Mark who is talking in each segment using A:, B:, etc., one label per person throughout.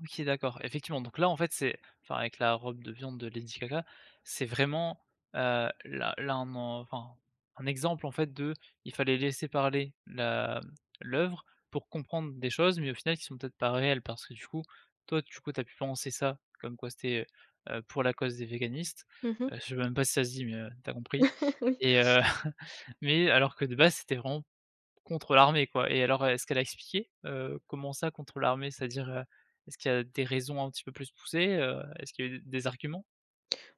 A: OK. D'accord. Effectivement donc là, en fait, c'est enfin avec la robe de viande de Lady Gaga c'est vraiment, heu, là là on en enfin, un exemple en fait de, il fallait laisser parler la l'œuvre pour comprendre des choses, mais au final qui sont peut-être pas réelles parce que du coup, toi du coup, tu as pu penser ça. Comme quoi c'était, heu heu, pour la cause des véganistes,
B: Mmh mh.
A: heu, je sais même pas si ça se dit, mais, heu, tu as compris
B: Oui.
A: et heu, mais alors que de base c'était vraiment contre l'armée quoi. Et alors est-ce qu'elle a expliqué, heu, comment ça contre l'armée? C'est-à-dire, heu, est-ce qu'il y a des raisons un petit peu plus poussées, heu, est-ce qu'il y a eu des arguments?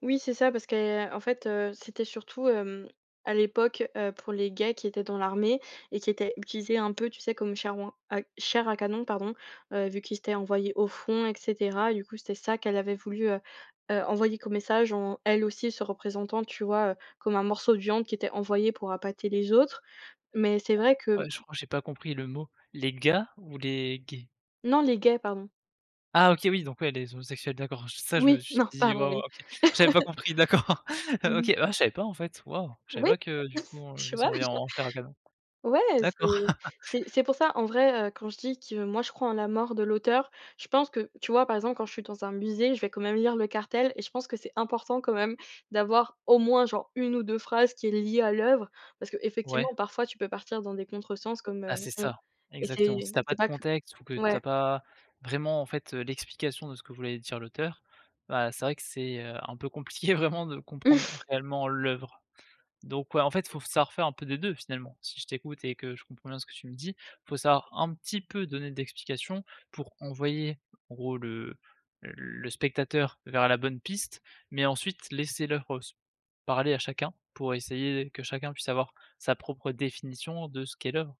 B: Oui, c'est ça, parce que en fait, heu, c'était surtout, hem, à l'époque, heu, pour les gays qui étaient dans l'armée et qui étaient utilisés un peu, tu sais, comme chair ouin à chair à canon pardon, heu, vu qu'ils étaient envoyés au front et cetera. Du coup, c'était ça qu'elle avait voulu, heu heu, envoyer comme message en, elle aussi, se représentant tu vois, heu, comme un morceau de viande qui était envoyé pour appâter les autres, mais c'est vrai
A: Attends.
B: que
A: Ouais, je crois que j'ai pas compris le mot. Les gars, ou les gays?
B: Non, les gays, pardon.
A: Ah OK. Oui donc, ouais, les homosexuels. D'accord. Je ça je me
B: Oui,
A: suis
B: non.
A: dit
B: Pardon,
A: waouh,
B: oui.
A: OK. J'avais pas compris. D'accord,
B: Mmh
A: heu,
B: mh.
A: OK. Ah je savais pas en fait, waouh, je savais
B: Oui
A: pas que du coup elle [unintelligible]
B: [unintelligible]
A: en chair à canon.
B: Ouais,
A: D'accord.
B: c'est c'est c'est pour ça en vrai, heu, quand je dis que moi je crois en la mort de l'auteur, je pense que tu vois par exemple, quand je suis dans un musée, je vais quand même lire le cartel et je pense que c'est important, quand même, d'avoir au moins genre 1 ou 2 phrases qui est liée à l'œuvre, parce
A: Ouais.
B: qu'effectivement, parfois tu peux partir dans des contre-sens comme, heu,
A: Ah, c'est
B: hem,
A: ça,
B: et
A: exactement. Si
B: c'est
A: tu as pas
B: c'est
A: de
B: pas que
A: contexte, ou que tu as
B: ouais.
A: pas vraiment, en fait, heu, l'explication de ce que voulait dire l'auteur, bah, c'est vrai que c'est, heu, un peu compliqué vraiment de comprendre réellement l'œuvre. Donc, ouais, en fait il faut savoir faire un peu des 2 finalement, si je t'écoute, et que je comprends bien ce que tu me dis? Il faut savoir un petit peu donner d'explication, pour envoyer en gros le le spectateur vers la bonne piste, mais ensuite laisser l'œuvre se parler à chacun, pour essayer que chacun puisse avoir sa propre définition de ce qu'est l'œuvre.